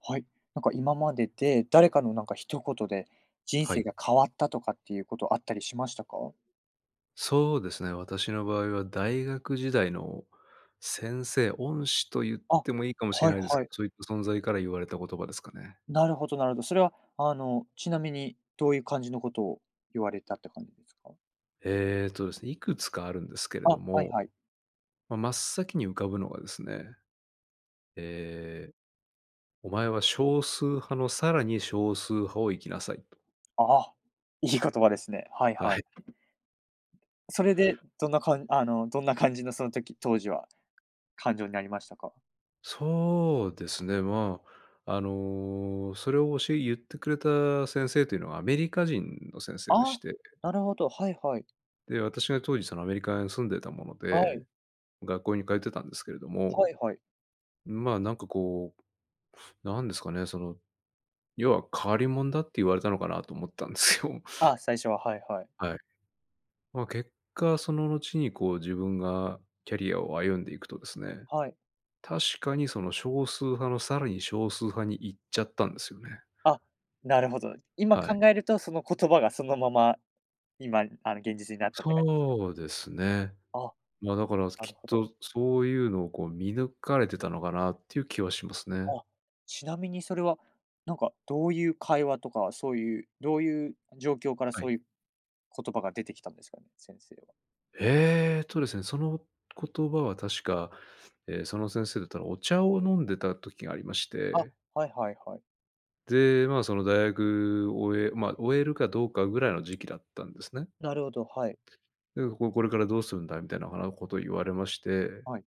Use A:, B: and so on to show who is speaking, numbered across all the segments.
A: はい、なんか今までで、誰かのなんか一言で、人
B: は
A: 生
B: い。
A: が変わったとかっていうことあったりしましたか？
B: そうですね、私の場合は大学時代の、先生、恩師と言っ
A: あ、は
B: てもいいかもしれ
A: い
B: ないで
A: は
B: す。
A: い。
B: そういった存在から言われた言葉ですかね。
A: なるほどなるほど。それはあの、ちなみにどういう感じのことを言われたって感じですか？
B: ええとですね、いくつかあるんですけれど
A: あ、はい
B: も。
A: はい。
B: ま、真っ先に浮かぶのがですね、ええ「お前は少数派のさらに少数派をいきなさい」と。
A: ああ、いい言葉ですね。はい
B: は
A: は
B: い。
A: い。それで、どんな感あのどんな感じのその時当時は感情になりましたか？
B: そうですね、まあ、あの、それを教え言ってくれた先生というのは、アメリカ人の先生でし
A: あ、
B: て
A: なるほど、はいはい。
B: で、私が当時そのアメリカに住んでたもの
A: は
B: で、
A: い。
B: 学校に通ってたんですけれど
A: は
B: も、
A: いはい。
B: まあ、なんかこう、なんですかね、その、要は変わりもんだって言われたのかなと思ったんですよ。
A: あ、最初は、はいはい。
B: はい。ま、結果その後にこう自分がキャリアを歩んでいくとですね、
A: はい。
B: 確かにその少数派のさらに少数派に行っちゃったんですよね。
A: あ、なるほどで。今、
B: はい。
A: 考えるとその言葉がそのまま、今、あの現実になったって感じですかね？
B: そうですね。
A: あ、
B: ま、だから
A: なる
B: きっ
A: ほど。
B: とそういうのをこう見抜かれてたのかなっていう気はしますね。
A: あ、ちなみにそれは、なんかどういう会話とか、そういう、どういう状況から
B: あ、はい。
A: そういう、言葉が出てきたんですかね？先生は。
B: えっとですね。その言葉は確か、え、その先生とたお茶を飲んでた時がありまし
A: あ、
B: て。
A: はいはいはい。
B: で、まあ、その大学終えまあ、終えるかどうかぐらいの時期だったんですね。
A: なるほど、はい。
B: で「こう、これからどうするんだ」みたいなあの、事を言われまして
A: はい。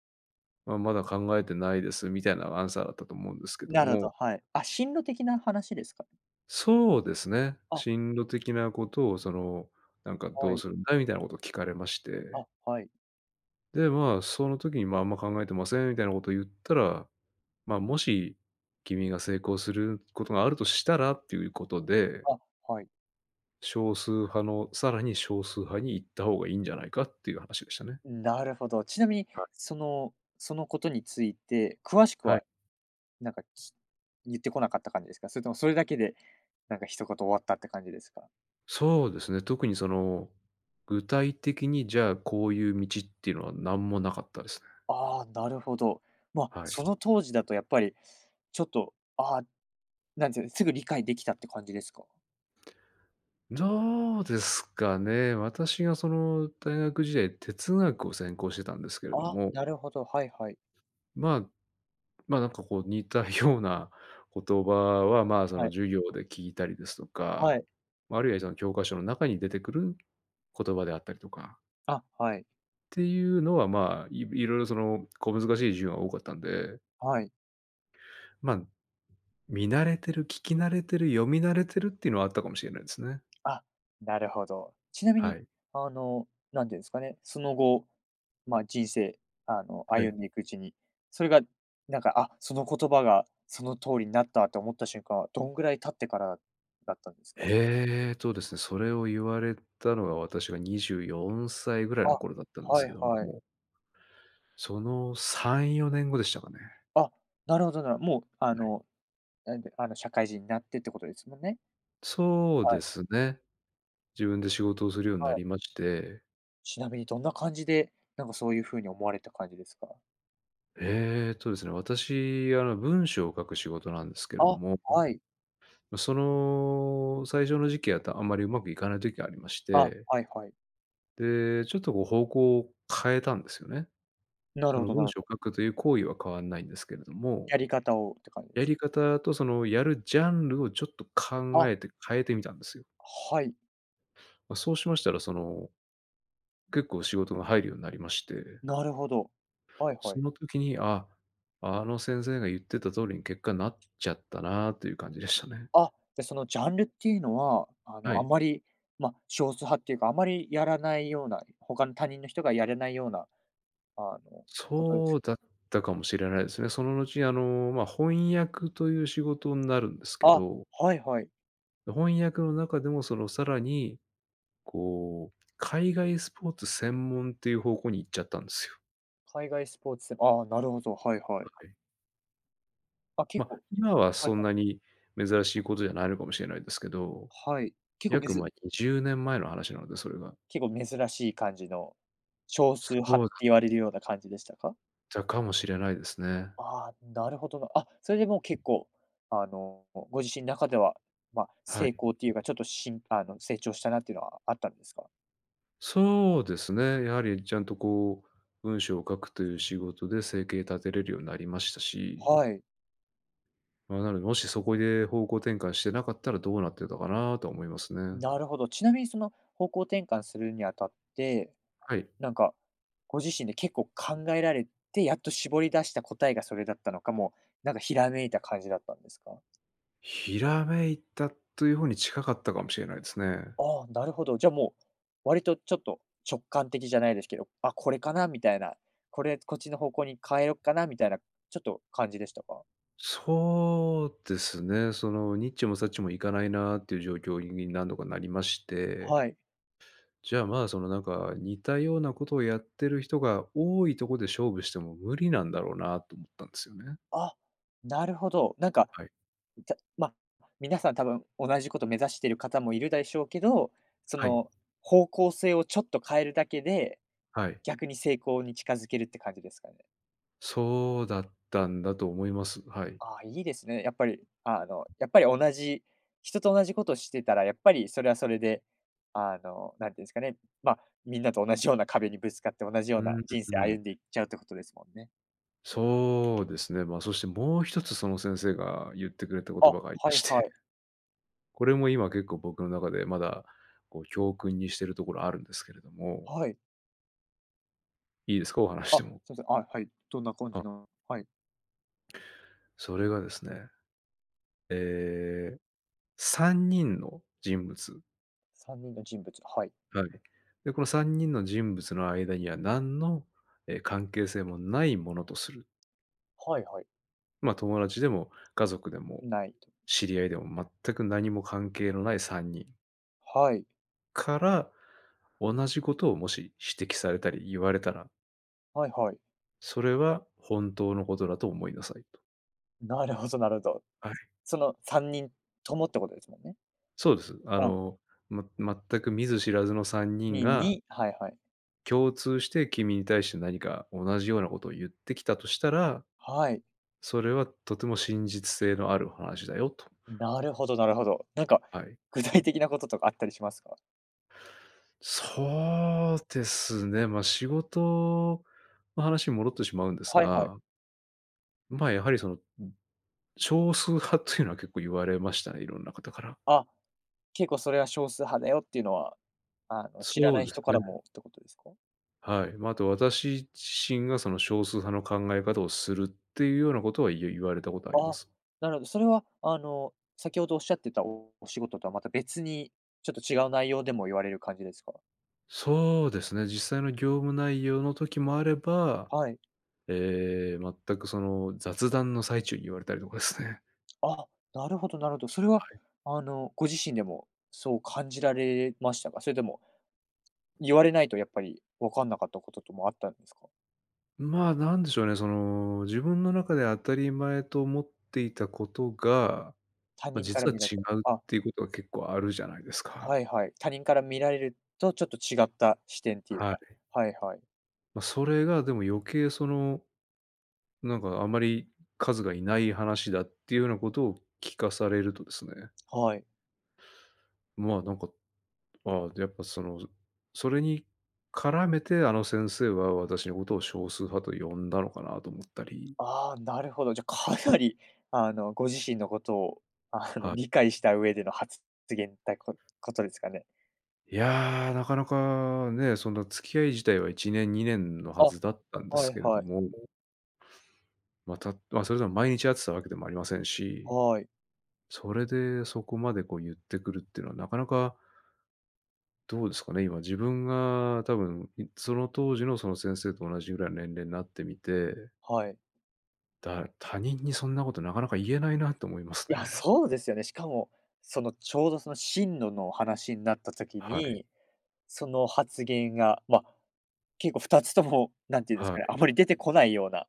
B: 「あ、まだ考えてないです」みたいなアンサーだったと思うんですけど
A: なるほ
B: も。
A: ど、はい。あ、進路的な話ですか。
B: そうですね、
A: あ。
B: 進路的な事を、その、なんか「ど
A: は
B: う
A: い。
B: するんだ？」みたいな事を聞かれまして。
A: あ、はい。
B: で、まあ、その時に「まあ、あんま考えてません」みたいな事言ったら「まあ、もし君が成功することがあるとしたら」っていうことで
A: あ、はい。
B: 少数派の、更に少数派に行った方がいいんじゃないかっていう話でしたね。
A: うん、なるほど。ちなみに、
B: は
A: そのその事について、詳しく
B: はい。
A: は、なんか、き言ってこなかった感じですか？それとも、それだけで、なんか一言終わったって感じですか？
B: そうですね、特にその、具体的にじゃあ、こういう道っていうのは、何も無かったですね。
A: ああ、なるほど。まあ、
B: はい。
A: その当時だと、やっぱり、ちょっと。ああ、何て言うん、すぐ理解出来たって感じですか？
B: どうですかね、私が、その、大学時代、哲学を専攻してたんですけれど
A: ああ、
B: も
A: なるほど。はいはい。
B: まあまあ、なんか、こう、似たような言葉は、まあ、その、
A: はい。
B: 授業で聞いたりですと
A: は
B: か、
A: い。
B: ま、あるいはその教科書の中に出てくる言葉であったりとか
A: あ、はい。
B: って言うのは、まあ、い色々、その、小難しい授業が多かったんで
A: はい。
B: ま、見慣れてる、聞き慣れてる、読み慣れてるって言うのはあったかもしれないですね。
A: あ、なるほど。ちなみ
B: は
A: に、
B: い。
A: あの、何て言うんすかね、その後まあ、人生あの、
B: はい。
A: 歩んでいくうちに、それがなんか「あ、その言葉がその通りになった」と思った瞬間は、どんぐらい経ってからだったんですか？
B: えーとですね、それを言われたのが、私が24歳ぐらいの
A: あ、
B: 頃だったんです
A: はい
B: けど
A: はい。
B: もその3、4年後でしたかね。
A: あ、なるほど、なるもう、あ
B: うへ。
A: のなんてあの、社会人になってって事ですもんね？
B: そう
A: は
B: で
A: い。
B: すね。自分で仕事をするようにな
A: はい。
B: りまして
A: ちなみにどんな感じで、なんかそういうふうに思われた感じですか？
B: えっとですね、私あの文章を書く仕事なんですけれど
A: あ、
B: も。
A: はい。
B: ま、その、最初の時期やったらあんまりうまくいかない時がありまし
A: あ、
B: て
A: はいはい。
B: で、ちょっとこう方向を変えたんですよね。
A: なる
B: そ
A: ほ
B: の
A: どな
B: 文
A: る
B: 章
A: ほ
B: を
A: ど。
B: 書くという行為は変わんないんですけれども
A: やり方をって感じで
B: や
A: す？
B: り方とそのやるジャンルをちょっと考
A: あ。
B: えて変えてみたんですよ。
A: はい。
B: ま、そうしましたら、その、結構仕事が入るようになりまして。
A: なるほど、はいは
B: そ
A: い。
B: の時に「あ、あの先生が言ってた通りに結果になっちゃったな」という感じでしたね。
A: あ、じゃそのジャンルっていうのはあ
B: は
A: のあ
B: い。
A: まり、ま、少数派っていうかあまりやらないような、ほかの、他人の人がやれないようなあのことで
B: そ
A: す
B: うだったかもしれないですね。その後あの、ま、翻訳という仕事んなるんですけ
A: あ、
B: ど
A: はいはい。
B: の翻訳の中でもそのさらに、こう海外スポーツ専門っていう方向に行っちゃったんですよ。
A: 海外スポーツ、ああ、なるほど、はいは
B: う、
A: い。
B: はい。
A: あ、結
B: ま、
A: 構
B: 今は
A: はい
B: そん
A: はい。
B: なに珍しいことじゃないのかもしれないですけど。
A: はい、結構め
B: 約
A: ず
B: まあ20年前の話なので、それが。
A: 結構珍しい感じの、少
B: そ
A: 数派っ
B: うだ
A: て
B: っ
A: 言われるような感じでしたか？
B: たかもしれないですね。
A: ああ、なるほどな。あ、それでもう結構あの、ご自身中では、ま、
B: は
A: 成
B: い。
A: 功というか、ちょっとシンパ、あの成長したなっていうのはあったんですか？
B: そうですね、やはりちゃんとこう文章を書くという仕事で生計立てれるようになりましたし
A: はい。
B: ま、なので、もしそこで方向転換してなかったらどうなってたかなとは思いますね。
A: なるほど、ちなみにその方向転換するにあたって、
B: はい。
A: なんか、ご自身で結構考えられて、やっと絞り出した答えがそれだったのか、もう、なんかひらめいた感じだったんですか？
B: ひらめいたという方に近かったかもしれないですね。
A: ああ、なるほど。じゃもう割とちょっと直感的じゃないですけど、あ、これかなみたいな、これこっちの方向に変えよっかなみたいな、ちょっと感じでしたか？
B: そうですね。その、にっちもさっちもいかないなって言う状況に何度かなりまして。
A: はい。
B: じゃあ、まあ、そのなんか似たような事をやってる人が多いとこで、勝負しても無理なんだろうなと思ったんですよね。
A: あ、なるほど。なんか、
B: はい。
A: たま、皆さん、多分同じ事を目指している方もいるだしょうけど、そ
B: はい。
A: の方向性を、ちょっと変えるだけで、
B: はい。
A: 逆に成功に近づけるって感じですかね。
B: そうだったんだと思います。はい。
A: ああ、いいですね。やっぱり、あの、やっぱり同じ人と同じ事してたら、やっぱり、それは、それで、あの、なんて言うんですかね。まあ、皆と同じような壁にぶつかって同じよう
B: うー
A: な
B: ん、う
A: 人
B: う
A: 生
B: ん。
A: 歩んでいっちゃうって事ですもんね。
B: そうですね。まあ、そして、もう一つ、その先生が言ってくれた言
A: あ、
B: 葉がありま
A: はい
B: し
A: は
B: て。
A: い。
B: これも今、結構僕の中で、まだ、こう、教訓にしてるところあるんですけれども。
A: はい。
B: いいですか？お話し
A: あ、
B: ても。
A: すいません。あ、はい。どんな感じ
B: あ。
A: の、はい。
B: それがですね。ええ、3人の人物。
A: 3人の人物、はい。
B: はい、で、この3人の人物の間には、何の、え、関係性もないものとする。
A: はいはい。
B: ま、友達でも家族でも、
A: ないと。
B: 知り合いでも全く何も関係のない3人
A: はい。
B: から、同じことをもし指摘されたり、言われたら
A: はいはい。
B: それは本当のことだと思いなさいと。
A: なるほどなるほど。
B: はい。
A: その3人ともってことですもんね？
B: そうです。あ
A: ああ。
B: の「ま全く見ず知らずの3人
A: にん
B: が」
A: にはいはい。
B: 「共通して、君に対して何か同じようなことをゆってきたとしたら、
A: はい。
B: それはとても真実性のある話だよ」と。
A: ん、なるほどなるほど。なんか、
B: はい。
A: 具体的なこととかあったりしますか？
B: そうですね、ま、仕事の話に戻ってしまうんです
A: はいはい。
B: がま、やはりその、うん、少数派というのは結構言われましたね、いろんな方から。
A: あ、結構それは少数派だよっていうのは、あの知ら
B: そ
A: な
B: う
A: い
B: です
A: 人から
B: ね。
A: もってことですか？
B: はい、ま、あと私自身がその少数派の考え方をするっていうようなことはゆ言われたことありま
A: あ、
B: す。
A: なるほど、それはあの先ほどおっしゃってたおお仕事とはまた別に、ちょっと違う内容でも言われる感じですか？
B: そうですね、実際の業務内容の時もあれば、
A: はい。
B: ええ、全くその、雑談の最中に言われたりとかっすね。
A: あ、なるほどなるほど。それは、
B: はい。
A: あの、ご自身でも、そう感じられましたか？それとも、言われないとやっぱり、分かんなかったことともあったんですか？
B: まあ、何でしょうね。その、自分の中で当たり前と思っていたことが、
A: 他
B: ま、
A: 人から
B: 実は
A: 見られ
B: 違うっ
A: たあ。
B: ていうことが結構あるじゃないですか。
A: はいはい、他人から見られるとちょっと違った視点っていう
B: はい。
A: か。はいはい。
B: ま、それが、でも余計、その、なんかあんまり数が居ない話だっていうようなことを聞かされるとですね。
A: はい。
B: ま、なんか、あ、やっぱその、それに絡めて、あの先生は私のことを少数派と呼んだのかなと思ったり。
A: ああ、なるほど、じゃ、かなりあの、ご自身のことを、あの、
B: はい。
A: 理解した上でのはつ発言た、こことですかね？
B: いや、なかなかね、そんな付き合い自体は1年、2年のは
A: あ、
B: ずだったんで
A: は
B: す
A: い
B: けれど
A: はい。
B: もまあ、たあ、それでも毎日会ってたわけでもありませんし、
A: はい。
B: それで、そこまでこう言ってくるっていうのは、なかなかどうですかね、今、自分が多分、ん、その当時のその先生と同じぐらいの年齢なってみて。
A: はい。
B: だ、他人にそんなことなかなか言えないなと思いますね。
A: や、そうですよね、しかもそのちょうどその進路の話んなった時
B: はい。
A: に、その発言が、ま、結構二つとも、何て言うんです
B: は
A: か、あ
B: い。
A: まり出てこないような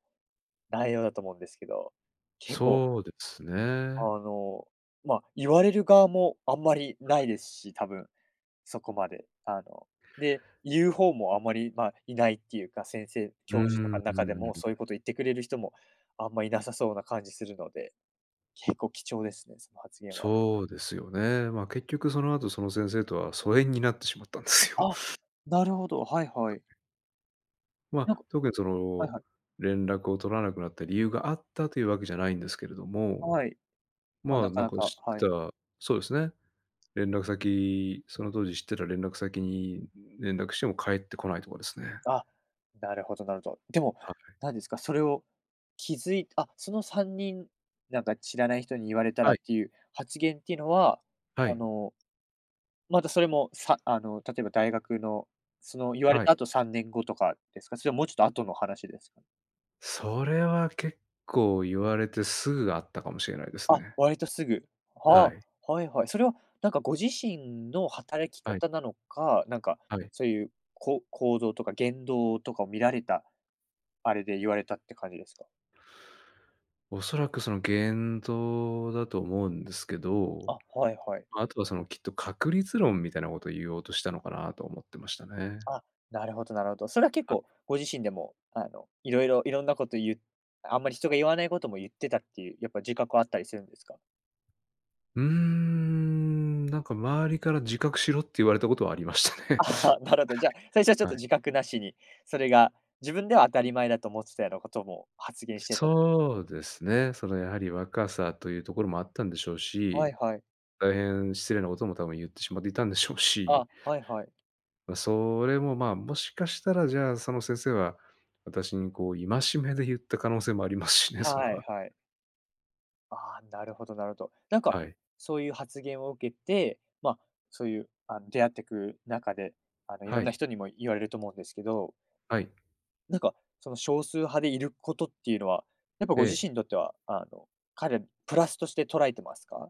A: 内容だと思うんですけど、結構
B: そうですね。
A: あの、ま、言われる側もあんまりないですし、多分、そこまで、あので、言うほうもあまり、まあ、いないっていうか、先生
B: う
A: 教授と
B: ー
A: かん中でもそういう
B: ん。
A: こと言ってくれる人も、あんまいなさそうな感じするので、結構貴重ですね、その発言は。
B: そうですよね。まあ、結局その後、その先生とは疎遠になってしまったんですよ。
A: あ、なるほど、はいはい。
B: ま、
A: なんか
B: 特にそ
A: はい
B: の、
A: はい。
B: 連絡を取らなくなった理由があったというわけじゃないんですけれども、
A: はい。ま、
B: まあ、
A: なか
B: なん
A: な
B: か
A: か、
B: 知っ
A: は
B: て
A: い。
B: たそうですね、連絡先、その当時知ってた連絡先に連絡しても返ってこないとかですね。
A: あ、なるほどなるほど。でも、
B: はい。
A: 何ですか、それを気づいあ、その3人なんか、知らない人に言われたら
B: は
A: っ
B: い。
A: ていう発言っていうのは、
B: は
A: あ
B: い。
A: の、またそれもさあの、例えば大学の、その言われ
B: はい。
A: たあと3年後とかですか？それ、もうちょっとあとの話ですか？
B: それは結構言われて、すぐあったかもしれないです
A: あ、
B: ね。
A: 割とすぐ、
B: は
A: は、
B: い。
A: あ、はいはい。それは、なんかご自身の働き
B: はい。
A: 方なのか、なんか
B: はい。
A: そう言う、こう行動とか言動とかを見られた、あれで、ゆわれたって感じですか？
B: 恐らく、その言動だと思うんですけど、
A: あ、はいはい。
B: ま、あとは、そのきっと確率論みたいな事を言おうとしたのかなと思ってましたね。
A: あ、なるほどなるほど、それは結
B: あ。
A: 構、ご自身でも、あの、色々、色んな事ゆうあんまり人がゆわない事もゆってたっていう。やっぱ、自覚はあったりするんですか？
B: うーん、なんか周りから自覚しろって言われた事はありましたね。
A: ああ、なるほど。じゃ、最初はちょっ
B: はい。
A: と
B: はい。
A: 自覚なしに、それが、自分では当たり前だと思ってたような事も発言してた
B: そ
A: ね。
B: うですね。そのやはり、若さと言うところもあったんでしょう
A: はい
B: し、
A: はい。
B: 大変失礼な事も多分ゆってしまっていたんでしょうし。
A: あ、はいはい。
B: ま、それも、まあ、もしかしたら、じゃあ、その先生は、私にこう戒めでゆった可能性もありますしね、それ
A: は
B: は。
A: いはい。ああ、なるほどなるほど。なんか、
B: はい。
A: そういう発言を受けて、ま、そういうあの、出会っていく中で、あの、色
B: は
A: んな
B: い。
A: 人にも言われると思うんですけど
B: はい。
A: なんか、その少数派でいることっていうのは、やっぱご自
B: ええ。
A: 身にとってはあの、かなりプラスとして捉えてますか？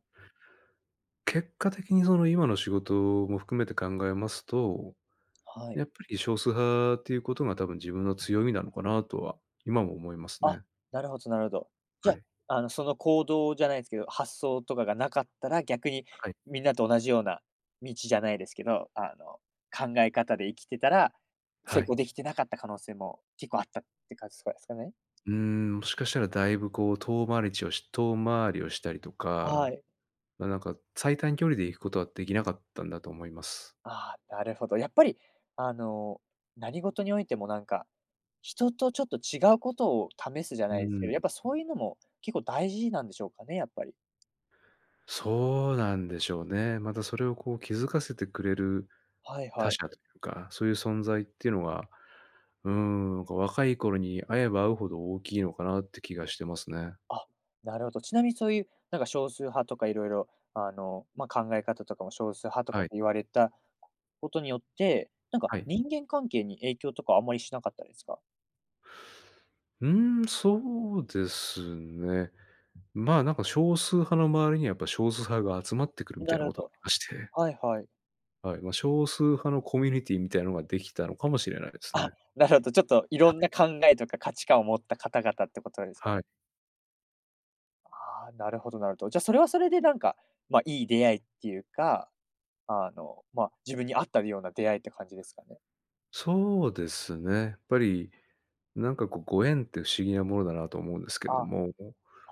B: 結果的にその今の仕事も含めて考えますと、
A: はい。
B: やっぱり少数派、ていうことが多分自分の強みなのかなとは今も思います
A: あ、
B: ね。
A: なるほどなるほど。じ
B: は
A: ゃ、
B: い。
A: あの、その行動じゃないですけど、発想とかがなかったら、逆に
B: はい。
A: みんなと同じような道じゃないですけど、あの、考え方で生きてたら、成
B: はい。
A: 功できてなかった可能性も結構あったって感じすかですかね？
B: うん、もしかしたらだいぶこう遠回りちをし遠回りをしたりと
A: は
B: か、
A: い。
B: ま、なんか最短距離で行くことはできなかったんだと思います。
A: ああ、なるほど、やっぱりあの、何事においてもなんか、人とちょっと違うことを試すじゃ
B: う
A: ないす
B: ん
A: け
B: ん。
A: ど、やっぱそういうのも結構大事なんでしょうかね？やっぱり。
B: そうなんでしょうね。またそれをこう気づかせてくれる、
A: はい
B: 他
A: はい。
B: 者というか、そういう存在ってのは、うーん、なんか若い頃に会えば会うほど大きいのかなって気がしてますね。
A: あ、なるほど。ちなみにそういう、なんか少数派とか色々、あの、ま、考え方とかも少数派とか
B: は
A: っ
B: い。
A: て言われたことによって、なんか
B: はい。
A: 人間関係に影響とかあんまりしなかったですか？
B: うーん、そうですね。まあ、なんか少数派の周りにはやっぱ少数派が集まってくるみた
A: な
B: いな
A: るほ
B: こと、
A: ど。
B: あして
A: はいはい。
B: はい、ま、少数派のコミュニティーみたいなのができたのかもしれないです
A: あ、
B: ね。
A: なるほど、ちょっとい
B: は
A: ろんな
B: い。
A: 考えとか価値観を持った方々ってことですか
B: は
A: ね。
B: い。
A: あ、なるほどなるほど。じゃそれはそれでなんか、ま、いい出会いっていうか、あの、ま、自分に合ったるような出会いって感じですかね。
B: そうですね、っぱり、なんかこうご縁って不思議なものだなと思うんですけど
A: あ、
B: も。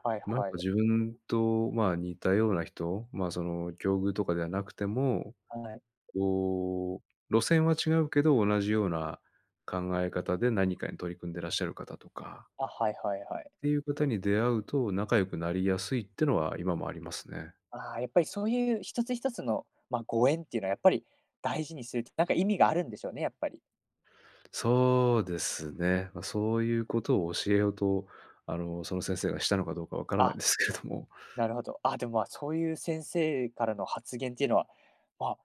A: はい
B: なんか
A: はい。
B: 自分と、まあ、似たような人、まあ、その、境遇とかではなくても、
A: はい。
B: こう、路線は違うけど、同じような考え方で何かに取り組んでらっしゃる方とか
A: あ、はいはいはい。
B: っていう方に出会うと仲良くなりやすいってのは今もありますね。
A: あ、やっぱりそういう一つ一つの、ま、ご縁っていうのはやっぱり大事にするとなんか意味があるんでしょうね、やっぱり。
B: そうですね。ま、そういうことを教えようと、あの、その先生がしたのかどうかわからないん
A: あ、
B: ですけども。
A: なるほど。あ、でも、ま、そういう先生からの発言っていうのは、あ、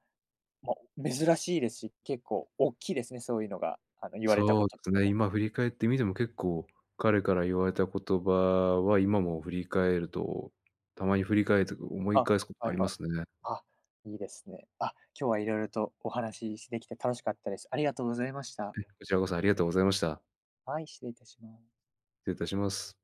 A: ま、珍しいですし、結構おっきいですね、そういうのが、あの言われたこ
B: そうで
A: とと
B: す
A: か
B: ね、
A: も。
B: 今振り返ってみても結構彼から言われた言葉は今も振り返るとたまに振り返るというか、思
A: あ、
B: い返すこと
A: は
B: あ
A: い
B: りま
A: はい。
B: すね。
A: あ、いいですね。あ、今日は色々とお話し、しできて楽しかったです。ありがとうございました。
B: え、こちらこそありがとうございました。
A: はい、失礼いたしま…
B: 失礼いたします。